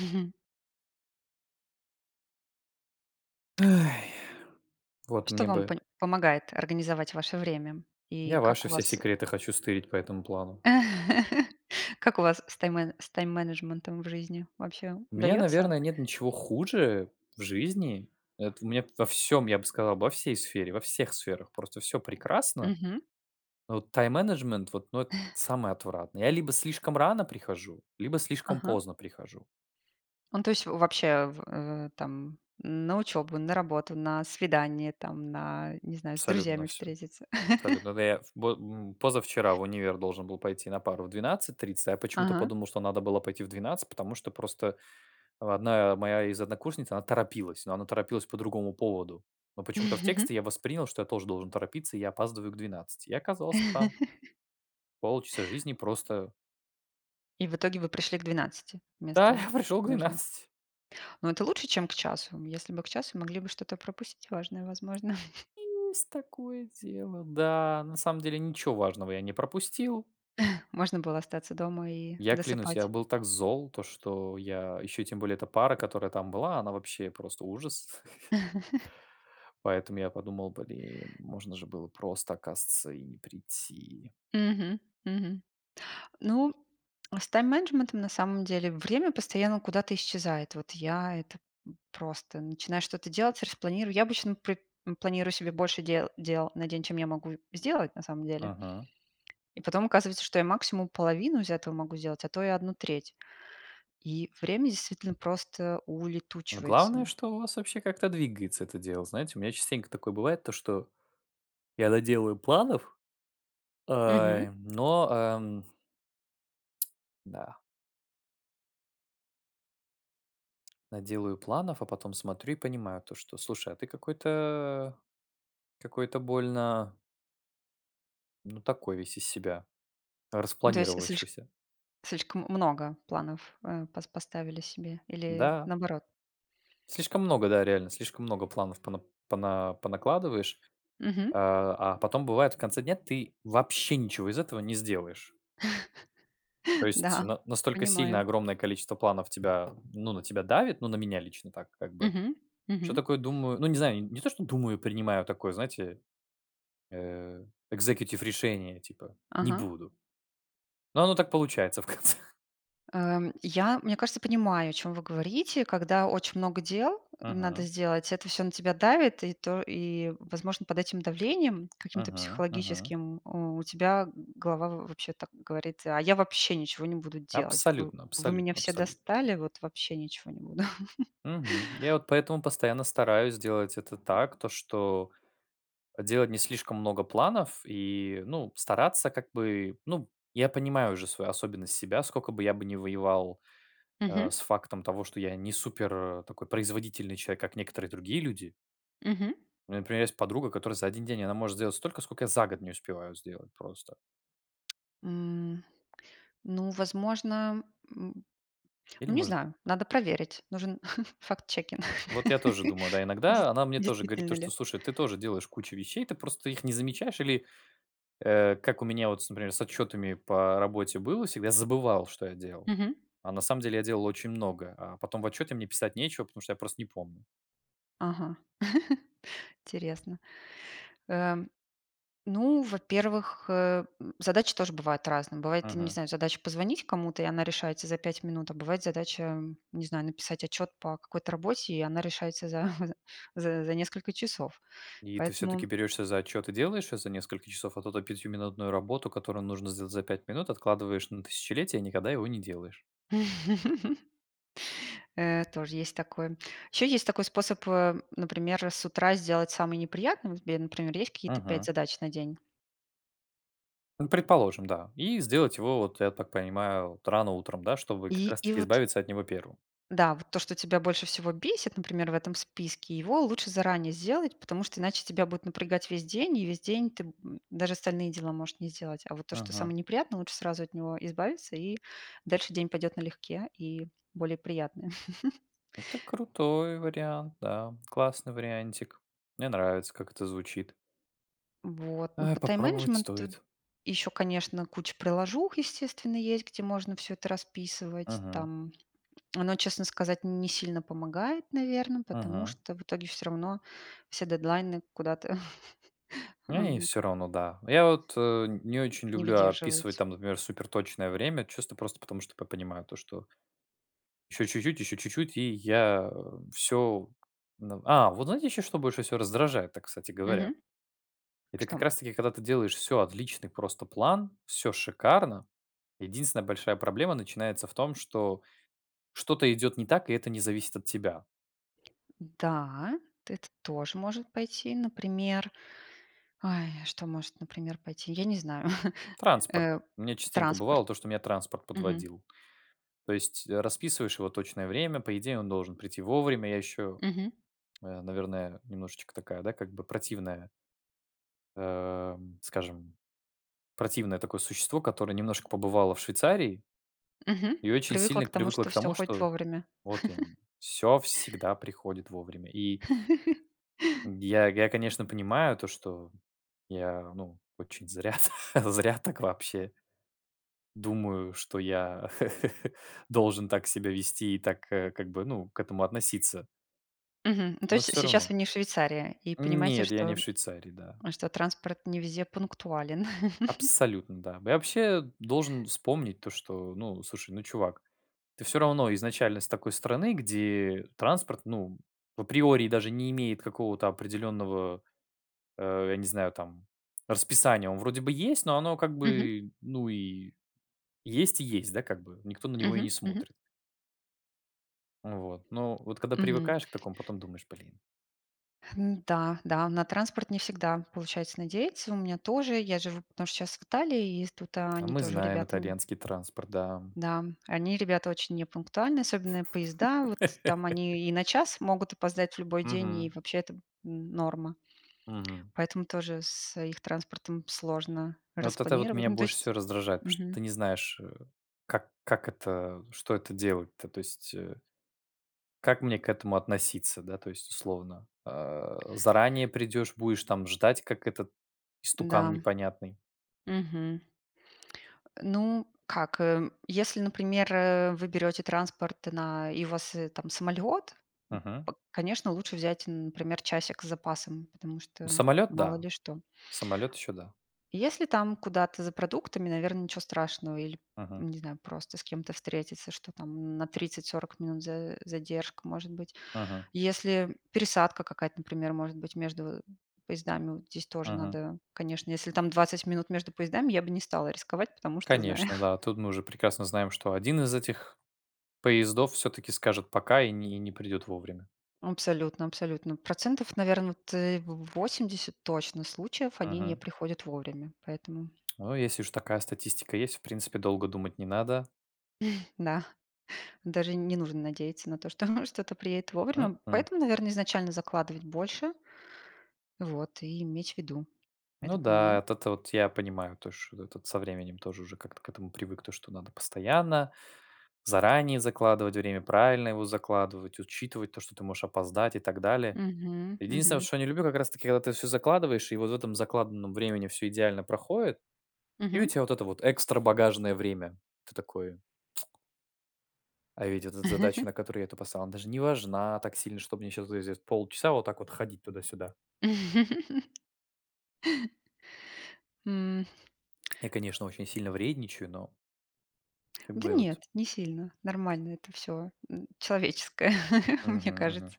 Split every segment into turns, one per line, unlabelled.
Мгм.
Эй. Вот
Что
мне
вам
бы
понь помогает организовать ваше время? И
Я
как
ваши
у
все
вас э
секреты хочу стырить по этому плану.
Как у вас с таймэ с тайм-менеджментом в жизни? Вообще
У меня,
удаётся?
наверное, нет ничего хуже в жизни. Эт у меня во всем, я бы сказал, во всей сфере во всех сферах просто всё прекрасно,
Мгм.
но вот тайм-менеджмент вот, ну, эт самое отвратное. Я либо слишком рано прихожу, либо слишком
Ага.
поздно прихожу.
Ну, то есть, в вообще, в, э, там на учёбу, на работу, на свидание там, на, не знаю, с
Абсолютно на
друзьями
всё,
встретиться.
абсолютно. Да я бо м, позавчера в универ должен был пойти на пару в 12:30, а я почему-то
Ага.
подумал, что надо было пойти в 12:00, потому что просто 1 моя из однокурсниц, она торопилась, но она торопилась по другому поводу. Но почему-то в тексте я воспринял, что я тоже должен торопиться, я опаздываю к 12. Я оказался там. Полчаса жизни просто
И в итоге вы пришли к 12
Да,
вместо
я пришел к
нужно
12.
Но это лучше, чем к часу. Если бы к часу, могли бы что-то пропустить важное, возможно.
Есть такое дело, да, на самом деле ничего важного я не пропустил.
Можно было остаться дома и
Я клянусь, я
досыпать.
был так зол то, что я- еще и тем более эта пара, которая там была,- она вообще просто ужас. Поэтому я подумал: "Блин, можно же было просто оказывается и не прийти."
Мгм. Мгм. Ну, с тайм-менеджментом, на самом деле, время постоянно куда-то исчезает. Вот я это п просто начинаю что-то делать, распланирую. Я обычно при м, планирую себе больше дел дел на день, чем я могу в сделать, на самом деле.
Мгм.
И потом оказывается, что я максимум половину из этого могу сделать, а то и 1/3. И время, действительно, просто
Но главное,
улетучивается.
что у вас вообще как-то двигается это дело. Знаете, у меня частенько такое бывает то, что я наделаю планов,
Мгм.
ой, но, ам Да. Наделаю планов, а потом смотрю и понимаю то, что, слушай, а ты какой-то какой-то больно ну, такой весь из себя
Ну, то есть слиш
распланировавшийся.
слишком много планов, а, пос поставили себе или
Да.
наоборот?
Слишком много, да, реально, слишком много планов пона пона понакладываешь,
Мгм.
э, а, потом, бывает, в конце дня ты вообще ничего из этого не сделаешь. То есть
Да,
на настолько сильно
понимаю.
огромное количество планов тебя ну на тебя давит, ну, на меня лично так как бы.
Мгм,
Что
мгм.
такое, думаю Ну, не знаю, не то, что думаю, принимаю такое, знаете, э executive решение, типа, не
Ага.
буду. Но оно так получается в конце.
Э, я, мне кажется, понимаю, о чём вы говорите. Когда очень много дел надо
Мгм.
сделать, это всё на тебя давит и то, и, возможно, под этим давлением каким-то
Мгм, мгм.
психологическим, а, у тебя голова в вообще так говорит: "А я вообще ничего не буду делать. Вы
Абсолютно,
вы меня
абсолютно,
все
абсолют
достали, вот вообще ничего не буду".
Мгм. Я вот поэтому постоянно стараюсь делать это так, то, что делать не слишком много планов и, ну, стараться как бы Ну, я понимаю уже свою особенность, себя, сколько бы я бы не воевал, а,
Мгм.
с фактом того, что я не супер, э, такой производительный человек, как некоторые другие люди
Мгм.
У меня, например, есть подруга, которая за 1 день, она может сделать столько, сколько я за год не успеваю сделать просто.
М. Ну, возможно, м,
Или,
ну, не
может
знаю. Надо проверить. Нужен фактчекинг.
Вот я тоже думаю, да.
Дес
Иногда она мне тоже говорит
действительно
то,
ли.
что, слушай, ты тоже делаешь кучу вещей, ты просто их не замечаешь. Или, э, как у меня вот с например, с отчётами по работе было всегда, я забывал, что я делал,
Мгм.
а на самом деле я делал очень многое. А потом в отчёте мне писать нечего, потому что я просто не помню.
Ага. Интересно. Эм. Ну, во-первых, э, м, задачи тоже бывают разные. Бывает, не
Мгм.
знаю, задача позвонить кому-то, и она решается за 5 минут, а бывает задача, не знаю, написать отчёт по какой-то работе, и она решается за за за несколько часов.
И ты всё-таки
Поэтому
берёшься за отчёт и делаешь всё за несколько часов, а то то пятиминутную работу, которую нужно за за 5 минут, откладываешь на тысячелетие и никогда его не делаешь?
Э, тоже есть такое. Ещё есть такой способ, э, например, с утра сделать самый неприятный. У тебя, например, есть какие-то 5
Мгм.
задач на день.
М, предположим, да. И сделать его вот, я так понимаю, вот рано утром, да, чтобы как
И
раз
и
таки
вот
избавиться от него 1.
Да, вот то, что тебя больше всего бесит, например, в этом списке, его лучше заранее сделать, потому что иначе тебя будет напрягать весь день. И весь день ты даже остальные дела можешь не сделать. А вот то, что самое
Мгм.
неприятное, лучше сразу от него избавиться, и дальше день пойдет налегке, и более приятное.
Это крутой вариант, да, классный вариантик. Мне нравится, как это звучит.
Вот. Ну,
Ай,
по
попробовать
тайм-менеджменту
стоит.
ещё, конечно, куча приложух, естественно, есть, где можно всё это расписывать
Мгм.
там. Оно, честно сказать, не сильно помогает, наверно, потому
Мгм.
что в итоге всё равно все дедлайны куда-то
Эй,
ам, к
всё-равно, да. Я вот, э, не очень
Не
люблю описывать
выдерживаются.
там, например, суперточное время, чисто просто потому, что п понимаю то, что ещё чуть-чуть, ещё чуть-чуть, и я всё Н А, вот знаете, еще что больше всего раздражает-то, кстати говоря?
Мгм.
Это как
Что?
раз таки, когда ты делаешь всё, отличный просто план, всё шикарно. Единственная большая проблема начинается в том, что, что-то идёт не так, и это не зависит от тебя.
Да, т это тоже может пойти, например, ай, что может, например, пойти? Я не знаю.
Транспорт.
Э,
У меня частенько
транспорт.
бывало то, что меня транспорт
Мгм.
подводил. То есть расписываешь его точное время, по идее, он должен прийти вовремя. Я еще
Мгм.
э, наверное, немножечко такая, да, как бы противная эм, скажем, противное такое существо, которое немножко побывало в Швейцарии
Мгм.
и очень
Привыкла
сильно
к тому,
привыкло
что
к
всё
тому,
ходит
что
вовремя.
вот именно, всё всегда приходит вовремя. И Я я, конечно, понимаю, то что я, ну, очень зря, зря так вообще думаю, что я должен так себя вести и так, а, как бы, ну, к этому относиться.
Мгм. То
Но
есть
всё
сейчас
равно.
вы не в Швейцарии, и понимаете,
Нет, я
что
не в Швейцарии, да.
что транспорт не везде пунктуален?
Абсолютно, да. Я вообще должен вспомнить то, что: ну, слушай, ну чувак, ты всё равно изначально с такой страны, где транспорт ну априори даже не имеет какого-то определенного, э, я не знаю там, расписания. Он вроде бы есть, но оно как
Мгм.
бы, ну, и есть и есть, да, как бы. Никто на него и
Мгм,
не
мгм.
смотрит. Ну вот, но вот когда
Мгм.
привыкаешь к такому, потом думаешь: "Блин".
Н-да, да, на транспорт не всегда получается надеяться. У меня тоже, я живу потому что щас в Италии, и ест тут
А
они
мы
тоже
знаем
ребята н
итальянский транспорт, да.
Да, они ребята очень непунктуальные, особенно поезда. Вот там они и на час могут опоздать в любой день, и
Мгм.
вообще это н норма.
Мгм.
Поэтому тоже с их транспортом сложно
Вот это вот
распланировать.
меня
Ну, то
больше
есть
всего раздражает, потому что
мгм.
ты не знаешь, э, как как это, что это делать-то, то есть, э как мне к этому относиться, да, то есть, условно? Э, заранее придёшь- будешь там ждать, как этот, истукан
Да.
непонятный.
Мгм. Э, ну как, эм, если, например, э, вы берёте транспорт на и у вас, там, самолет, м
Мгм.
п конечно, лучше взять, например, часик с запасом, потому
Ну
что,
самолет-
мало
да.
ли что.
Самолет еще- да.
Если, там, куда-то за продуктами- наверно, ничего страшного. Или,
Мгм.
не знаю, просто с кем-то встретиться, что, там, на 30-40 минут за задержка может быть.
Мгм.
Если пересадка какая-то, например, может быть, между поездами, вот здесь тоже
Мгм.
надо, конечно, если там 20 минут между поездами, я бы не стала рисковать, потому что знаю.
Конечно, да, тут мы уже прекрасно знаем, что 1 из этих поездов всё-таки скажет: "Пока", и не не придет вовремя.
Абсолютно, абсолютно. Процентов, наверно, вот, э, 80 точно случаев: они не
Мгм.
приходят вовремя. Поэтому
Ой, если уж такая статистика есть, в принципе, долго думать не надо.
Да. Даже не нужно надеяться на то, что что-то приедет вовремя.
М-м.
Поэтому, наверно, изначально закладывать больше, вот и иметь в виду
Ну
этот
да,
момент.
это-то вот я понимаю, то ш э, тут со временем тоже уже как-то к этому привык, то что надо постоянно, заранее закладывать время, правильно его закладывать, учитывать то, что ты можешь опоздать и так далее.
Мгм,
Единственное вот,
мгм.
что я не люблю, как раз таки, когда ты всё закладываешь и вот в этом закладанном времени всё идеально проходит, и у
Мгм.
тя вот это вот "экстра багажное время". Ты такой А ведь эта з задача, на которую я-то поставил, она даже не важна так сильно, что мне щас зе здесь полчаса вот так вот ходить туда-сюда.
М. Э
Я, конечно, очень сильно вредничаю, но Как
Да
бы вот
нет, не сильно. Нормально это всё. М, человеческое, мне
Мгм, мгм.
кажется.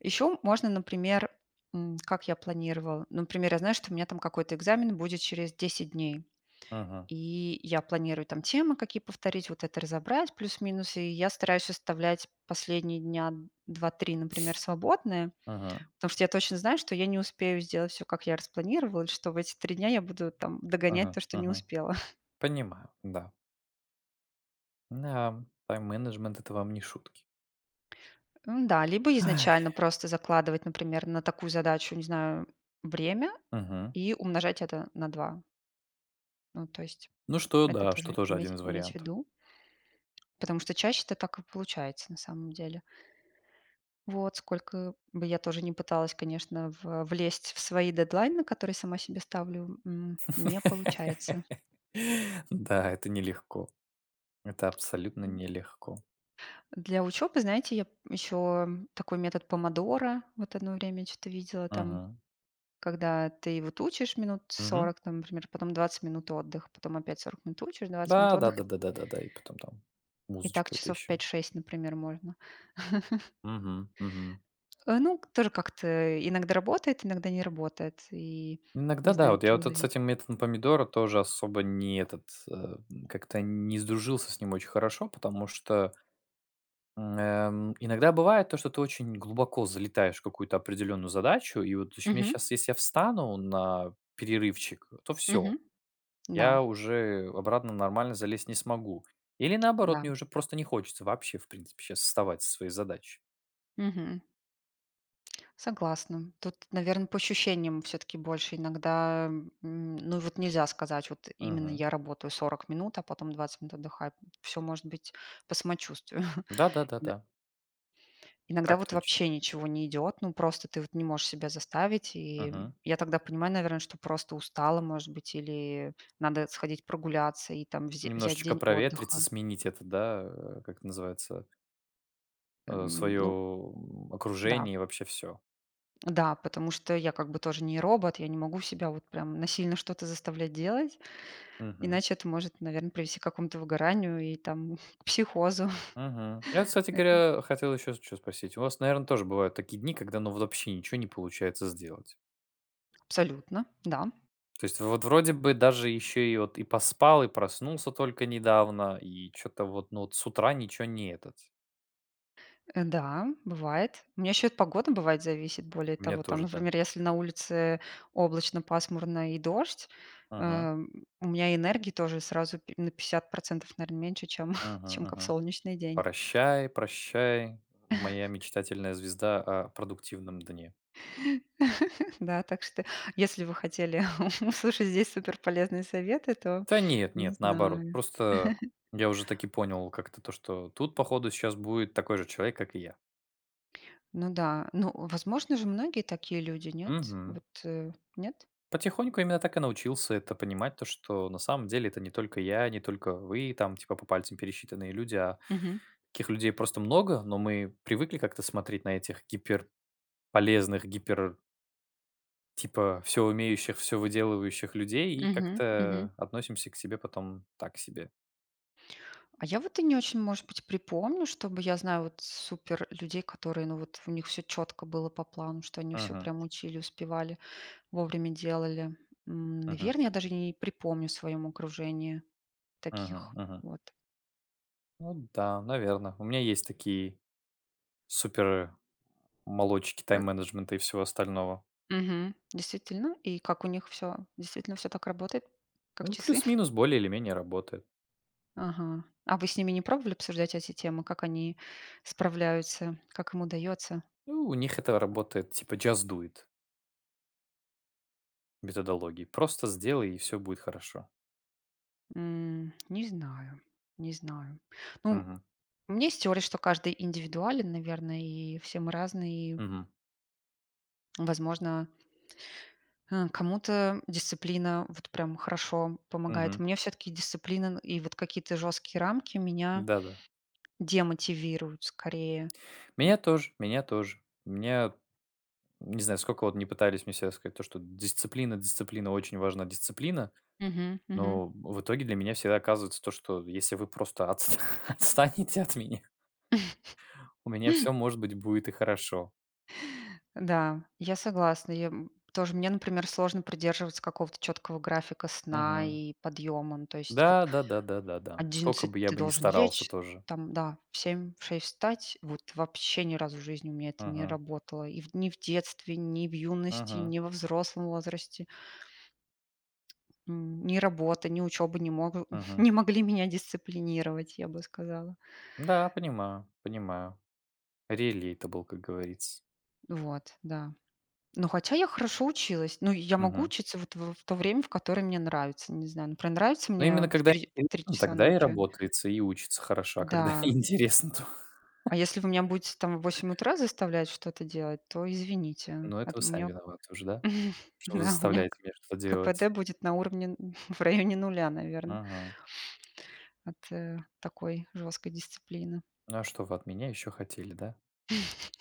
Ещё можно, например, м, как я планировала. Например, я знаю, что у меня там какой-то экзамен будет через 10 дней.
Мгм.
И я планирую там темы, какие повторить, вот это разобрать плюс-минус. И я стараюсь оставлять последние дня 2-3, например, свободные,
Мгм.
потому что я точно знаю, что я не успею сделать всё, как я распланировала, или что в эти 3 дня я буду там догонять
Мгм,
то, что не
мгм.
успела.
Понимаю, да. Да, м, тайм-менеджмент- это вам не шутки.
М-да, либо
Ай.
изначально просто закладывать, например, на такую задачу, не знаю, время
Мгм.
и умножать это на 2. Ну, то есть
Ну что,
это
да, что
тоже
тоже 1
иметь
из
иметь
вариантов.
ввиду. Потому что чаще это так и получается, на самом деле. Вот. Сколько бы я тоже не пыталась, конечно, в влезть в свои дедлайны, которые сама себе ставлю, м, не получается.
Да, это нелегко. Это абсолютно
М.
нелегко.
Для учёбы, знаете, я ещё такой метод "Помодоро". Вот одно время я чё-то видела там.
Мгм.
Когда ты вот учишь минут
Мгм.
40 там, например, потом 20 минут отдыха, потом опять 40 минут учишь, 20 минут
Да, да
отдыха
да да да да да, и потом там
И так
музычка эта
часов
еще.
5-6, например, можно.
Мгм. Мгм.
Э, ну, тоже как-то, э, иногда работает, иногда не работает. И
Иногда,
не
да,
знаю, от
вот, я,
чего
вот, с
завис
этим методом "помидора" тоже особо не этот, э, как-то не сдружился с ним очень хорошо, потому что М, эм, иногда бывает то, что ты очень глубоко залетаешь в какую-то определенную задачу, и вот чу мне
Мгм.
щас, если я встану на перерывчик, то всё:
Мгм. Да.
я уже обратно нормально залезть не смогу. Или наоборот мне
Да.
уже просто не хочется, вообще, в принципе, щас вставать со своей задачи.
Мгм. Согласна. Тут, наверно, по ощущениям всё-таки больше иногда, м, ну, вот нельзя сказать вот именно:
Мгм.
"Я работаю 40 минут, а потом 20 минут отдыхаю". М, всё может быть по самочувствию.
Да да да
На
да.
Иногда
Так
вот
точно.
вообще ничего не идет. Ну, просто ты вот не можешь себя заставить. И, м,
Мгм.
я тогда понимаю, наверное, что просто устала, может быть, или надо сходить прогуляться и там взя взять
Немножечко
день
проветриться.
отдыха.
Сменить это да, э, как называется э,
Эм,
свое,
ну
м,
Да.
окружение и вообще всё.
Да, потому что я как бы тоже не робот. Я не могу себя вот прям, насильно что-то заставлять делать,
Мгм.
иначе это может, наверно, привести к какому-то выгоранию и там, психозу.
Мгм. Я, кстати
Это
говоря, хотел еще с чё спросить: у вас, наверное, тоже бывают такие дни, когда ну вот вообще ничего не получается сделать?
Абсолютно, да.
То есть вот вроде бы даже еще и вот и поспал, и проснулся только недавно, и чё-то вот, ну вот, с утра ничего не этот
Э, да, бывает. У меня ещё и от погоды, бывает, зависит. Более
У меня
того там,
тоже, да.
например, если на улице облачно, пасмурно и дождь,
Мгм.
эм, у меня энергии тоже сразу п на 50 %, наверно, меньше, чем чем
Мгм
ка в
мгм.
солнечный день.
Прощай, прощай, моя мечтательная звезда о продуктивном дне.
Да, так что, если вы хотели услышать здесь супер полезные советы, то
Да нет,
не
нет, наоборот.
знаю.
Просто я уже так и понял- как-то то, что тут, по ходу, щас будет такой же человек, как и я.
Ну да. Ну, возможно же, многие такие люди, нет?
Мгм.
Вот, э, нет?
Потихоньку именно так и научился это понимать, то что на самом деле, это не только я, не только вы, там, типа, по пальцам пересчитанные люди, а
Мгм.
таких людей просто много. Но мы привыкли как-то смотреть на этих гиперполезных, гипер типа всё умеющих, всё выделывающих людей и
Мгм, мгм.
как-то относимся к себе потом так себе.
А я вот и не очень, может быть, припомню, чтобы я знаю вот супер людей, которые, ну вот, у них всё чётко было по плану, что они всё
Мгм.
прямо учили, успевали, вовремя делали. М,
Мгм.
наверно, я даже не не припомню в своём окружении
Мгм
таких
мгм.
вот.
Ну да, наверно. У меня есть такие супер молодчики
Пра
тайм-менеджмента и всего остального.
Мгм. Действительно? И как у них всё? Действительно всё так работает? Как
Ну,
часы?
плюс-минус, более или менее работает.
Ага. А вы с ними не пробовали обсуждать эти темы, как они справляются, как им удается?
Ну, у них это работает, типа just do it. Без адологий: просто сделай, и всё будет хорошо.
М. Не знаю, не знаю. Ну
Мгм.
У меня есть теория, что каждый индивидуален, наверное, и все мы разные и
Мгм.
Возможно хм, кому-то дисциплина вот прям хорошо помогает.
Мгм.
Мне всё-таки дисциплина н и вот какие-то жёсткие рамки меня
Да-да.
демотивируют скорее. М
Меня тоже, меня тоже. Меня Не знаю, сколько вот ни пытались мне всё рассказать, то что дисциплина, дисциплина, очень важна дисциплина,
Мгм. Мгм.
но в итоге для меня всегда оказывается, то что, если вы просто отс отстанете от меня у меня всё, может быть, будет и хорошо.
Да, я согласна. Я, м, тоже. Мне, например, сложно придерживаться какого-то чёткого графика сна
Мгм.
и подъёма. Ну, то есть вот
Да, да да да да да, скока бы
11 -
я
ты
бы ни
должен
старался
лечь,
тоже.
там да, в 7-6 - встать. Вот вообще ни разу в жизни у меня это не
Мгм.
работало. И в ни в детстве, ни в юности,
Мгм.
ни во взрослом возрасте. М, ни работа, ни учёба не могу
Мгм.
не могли меня дисциплинировать, я бы сказала.
Да, понимаю. Понимаю. Relatable, как говорится.
Вот, да. Но хотя я хорошо училась. Ну, я могу
Мгм.
учиться вот в в то время, в которое мне нравится, не знаю. Например, нравится
Но
мне
именно
в
когда
3- в 3
[unintelligible]
часа
тогда и
ночи.
работается и учится хорошо, а когда
Да.
неинтересно, то
А если вы меня будете там в 8 утра заставлять что-то делать, то извините.
Ну это
Ат
вы
у
сами
меня
виноваты уже, да? Что вы
Да, у меня
заставляете меня что-то
ка пэ
делать.
дэ будет на уровне н в районе 0, наверно.
Мгм.
От, э, такой жесткой дисциплины.
Ну, а что вы от меня ещё хотели, да?